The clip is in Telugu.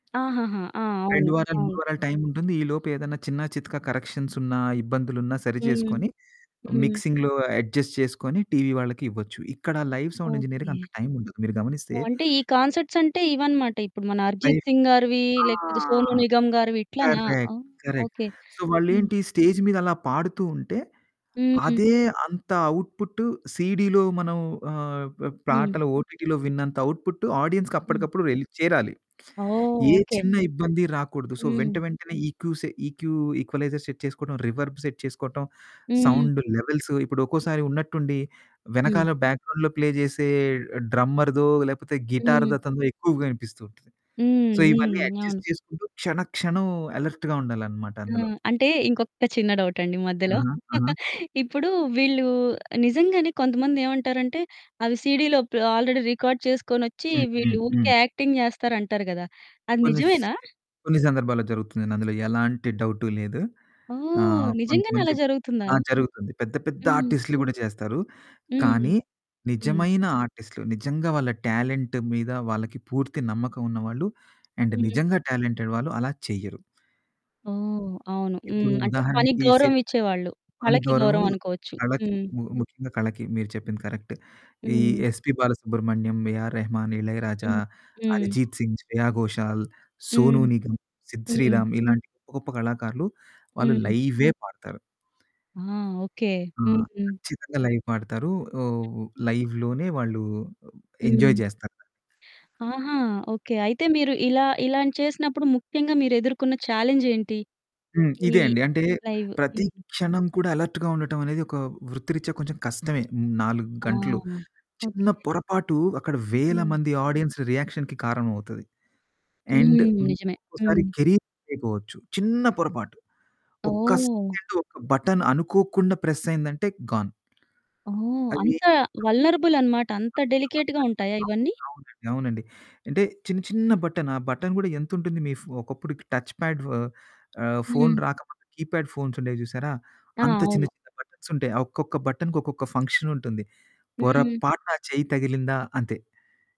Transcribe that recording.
ఆహాహా! ఆ! అవును. 2 వారాలు, 3 అవును. వారాలు టైముంటుంది, ఈ లోపు ఏదన్నా చిన్న చితకా కరెక్షన్సున్నా, ఇబ్బందులున్నా హ్మ్. సరిజేసుకొని, హ్మ్. మిక్సింగ్‌లో అడ్జస్ట్ చేసుకొని, టీవీ వాళ్ళకి ఇవ్వచ్చు. ఇక్కడ లైవ్ సౌండిజినీరికి ఓకే. అంత టైముండదు. మీరు గమనిస్తే ఓహ్! అంటే, ఈ కాన్సర్ట్సంటే ఇవనమాట. ఇప్పుడు మన ఫై 'అర్జిత్ సింగ్' గారివీ, ఆ! లేకపోతే 'సోను నిగమ్' గారివి ఇట్లనా. కరెక్ట్. ఓహ్! కరెక్ట్. ఓకే. సో, హ్మ్. వాళ్ళేంటీ, స్టేజ్ మీదలా పాడుతూ ఉంటే, హ్మ్. అదే అంత అవుట్‌పుట్టు సీడీలో మనం ఆహ్, ప హ్మ్. పాటలు ఓటీటీ‌లో విన్నంత అవుట్‌పుట్టు హ్మ్. ఆడియన్స్‌కప్పడకప్పుడు వెళ్ళి చేరాలి. ఓహ్! ఏ ఓకే. చిన్న ఇబ్బంది రాకూడదు. సో, వెంట హ్మ్. వెంటనే ఈకూసె ఈక్యూ ఈక్వలైజర్ సెట్ చేసుకోడం, రివర్బ్ సెట్ చేసుకోటం, హ్మ్. సౌండు లెవెల్స్ ఇప్పుడొక్కోసారి ఉన్నట్టుండి హ్మ్. వెనకాల బ్యాక్‌గ్రౌం‌డ్‌లో ప్లే జేసే డ్రమ్మర్‌దో లేకపోతే హ్మ్. గిటార్‌దతనదో ఎక్కువగా వినిపిస్తుంటది. హ్మ్. సో, ఇవన్నీ హ్మ్. అడ్జస్ట్ అవును. చేసుకుంటూ క్షణ క్షణం అలర్ట్‌గా ఉండాలనమాట ఆ! అందులో. అంటే, ఇంకొక్క చిన్న డౌటండి మధ్యలో. ఆహా! ఆహా! ఇప్పుడూ వీళ్ళూ నిజంగానే కొంతమంది ఏవంటారంటే, అవి సీడీలో ప్ ఆల్రెడీ రికార్డ్ చేసుకోనొచ్చి హ్మ్. వీళ్ళు హ్మ్. ఊరికే హ్మ్. యాక్టింగ్ జేస్తారంటారు గదా! అది కొన్ని స్ నిజమేనా? కొన్ని సందర్భాల్లో జరుగుతుందండి. అందులో ఎలాంటి డౌటు లేదు. ఓహ్! ఆహ్, నిజంగానే కొంతమంది అలా జరుగుతుందా? ఆ! జరుగుతుంది. పెద్ద పెద్ద హ్మ్. ఆర్టిస్ట్‌లు గూడా జేస్తారు, హ్మ్. కానీ హ్మ్. నిజమైన ఆర్టిస్ట్‌లు, నిజంగా వాళ్ళ టాలెంట్ మీద వాళ్ళకి పూర్తి నమ్మకం ఉన్నవాళ్ళు, అండ్ హ్మ్. నిజంగా టాలెంటెడ్ వాళ్ళు అలా చెయ్యరు. ఓహ్! అవును. ఇప్పుడు హ్మ్. అంటే, పనికి ఉదాహరణకి శ గౌరవమిచ్చేవాళ్ళు. కానీ వాళ్ళకే గౌరవం గౌరవమనుకోవచ్చు. కళకి. హ్మ్. ము ముఖ్యంగా కళకి. మీరు చెప్పింది కరక్ట్. ఈ హ్మ్. 'ఎస్‌పీ బాలసుబ్రహ్మణ్యం', 'ఏఆర్ రెహమాన్', 'ఇళయరాజా', హ్మ్. హ్మ్. 'అరిజీత్ సింగ్', 'శ్రేయా ఘోషాల్', 'సోనూ హ్మ్. నిగమ్', 'సిద్ హ్మ్. శ్రీరామ్', ఇలాంటి గొప్ప గొప్ప కళాకారులు, వాళ్ళు హ్మ్. లైవే పాడతారు. ఆ! ఓకే. ఆ! హ్మ్. ఖచ్చితంగా లైవ్ ఆడతారూ. ఓహ్! లైవ్‌లోనే వాళ్ళు ఆహ్, ఎంజాయ్ హ్మ్. జేస్తారు. ఆహా! ఓకే. అయితే మీరు ఇలా ఇలాని చేసినప్పుడు ముఖ్యంగా మీరెదుర్కున్న ఛాలెంజేంటి? హ్మ్. ఈ ఇదే అండి. అంటే, లైవు ప్రతి హ్మ్. క్షణం కూడా అలర్ట్‌గా ఉండటవనేది ఒకా వృత్తిరిత్యా కొంచెం కష్టమే. 4 ఆ! గంటలు, ఓకే. చిన్న పొరపాటు అక్కడ వేల హ్మ్. మంది ఆడియన్స్ రియాక్షన్‌కి కారణమవుతది, అండ్, హ్మ్. నిజమే. ఇంకొకసారి హ్మ్. కెరీయర్‌పోవచ్చు. చిన్న పొరపాటు. ఒక్క ఓహ్! సెకండు ఒక్క బటన్ అనుకోకుండా ప్రెస్సయ్యిందంటే, గాన్. ఓహ్! అవీ అంత [unintelligible] వల్నరబుల్ అనమాట. అంత అంత డెలికేట్‌గా ఉంటాయా వల్నెరబుల్‌గా. ఇవన్నీ? ఉంటుంది. అవునండి. అవునండి. అంటే, చిన్న చిన్న బటన్, ఆ బటన్ గూడా ఎంతుంటుంది, మీ ఫొ ఒకప్పుడుకి టచ్ పాడ్ వ ఆహ్, ఫోను హ్మ్. రాకపోతే కీప్యాడ్ ఫోన్సుండేయి జూశారా? ఆ! అంత చిన్న అవును. చిన్న బటన్సుంటాయి. ఆ ఒక్కొక్క బటన్‌కి, ఒక్కొక్క ఫంక్షనుంటుంది. హ్మ్. పొరపాటున చెయ్యి తగిలిందా అంతే.